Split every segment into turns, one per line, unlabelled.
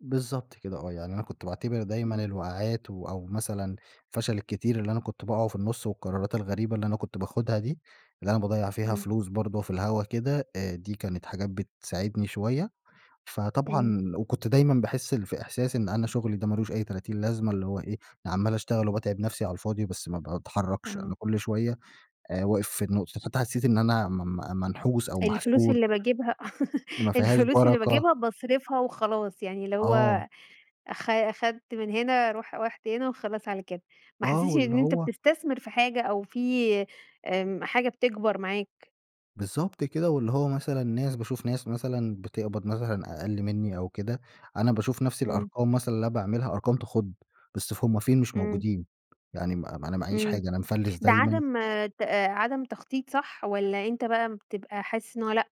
بالضبط كده، آه. يعني أنا كنت باعتبِر دايمًا
إمم.
الوَقعَات، و أو مثلًا الفَشَل الكتير اللي أنا كنت باقعَه في النص والقرَارات الغريبة اللي أنا كنت باخُدها دي، اللي أنا باضيِّع فيها
إمم.
فلوس برضه في الهوا كده، آآ، دي كانت حاجات بتساعِدني شوية.
إمم.
فطبعًا وكنت دايمًا باحِس في إحساس إن أنا شغلي ده ما لوش أي تلاتين لازمة، اللي هو إيه؟ أنا عمَّال أشتغَل وباتعَب نفسي على الفاضِي، بس ما بتحرَّكش. أنا
آه.
كل شوية آآ، واقِف في النُّقطة فحتى حسِّيت إن أنا م م منحُوس أو
الفلوس
محسُود.
اللي باجِيبها
إن ما فيهاش
الفلوس اللي
برَكة.
باجِيبها باصرَفها وخلاص، يعني اللي هو
آه.
أخ أخَدت من هنا، روح رُحت وهنا، وخلاص على كده. ما
آه،
حسِّيتش
واللي
إن أنت
هو
بتستثمِر في حاجة أو في آمم، حاجة بتكبَر معاك.
بالضبط كده، واللي هو مثلًا ناس باشوف ناس مثلًا بتقبَض مثلًا أقَلّ مني أو كده، أنا باشوف نفس
إمم.
الأرقَام مثلًا اللي أنا باعملها، أرقَام تخُض، بس ف هُم فين؟ مش
إمم.
موجُودين. يعني م م أنا معاييش
إمم
حاجة، أنا مفلِس
ده
دايمًا.
عدم ت عدم تخطِيط، صح؟ والَّا أنت بقى بتبقى حاسِس إن هو لأ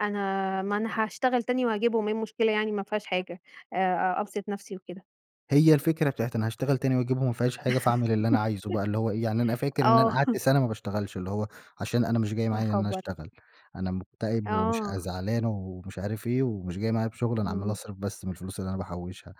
أنا ما أنا هاشتغَل تاني وأجيبهم، إيه المشكلة يعني؟ ما فيهاش حاجة آآ، آآ، أبسّط نفسي وكده.
هي الفكرة بتاعة أنا هاشتغَل تاني وأجِيبهُم، ما فيهاش حاجة، فأعمل اللي أنا عايزه بقى. اللي هو إيه، يعني أنا فاكِر إن
آه.
أنا قعَدت سنة ما بشتغلش، اللي هو عشان أنا مش جاي
يا
معايا إن أنا
خَبر!
أشتغل، أنا مكتئِب ومش عاي
آه
زعلَان أو مش عارف إيه، ومش جاي معايا بشغل، أنا عمَّال
إمم.
أصرَف بس من الفلوس اللي أنا باحُوشها.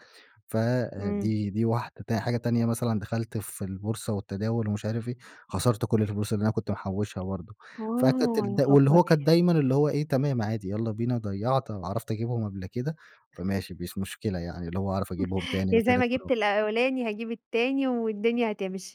ف آآ،
إمم.
دي دي واحدة. حاجة تانية مثلًا، دخلت في البورصة والتداوُل ومش عارف إيه، خسرت كل الفلوس اللي أنا كنت محُوشها برضه. فتت
آه، يا
دل واللي
خبر!
هو كان دايمًا اللي هو إيه، تمام عادي، يالَّا بينا، ضيَّعت، عرَفت أجِيبهُم قبل كده، فماشي مش مشكلة، يعني اللي هو هاعرَف أجِيبهُم تاني
يعني زي ما
وتالت ورابع.
جبت الأولاني، هاجيب التاني، والدنيا هتمشِي.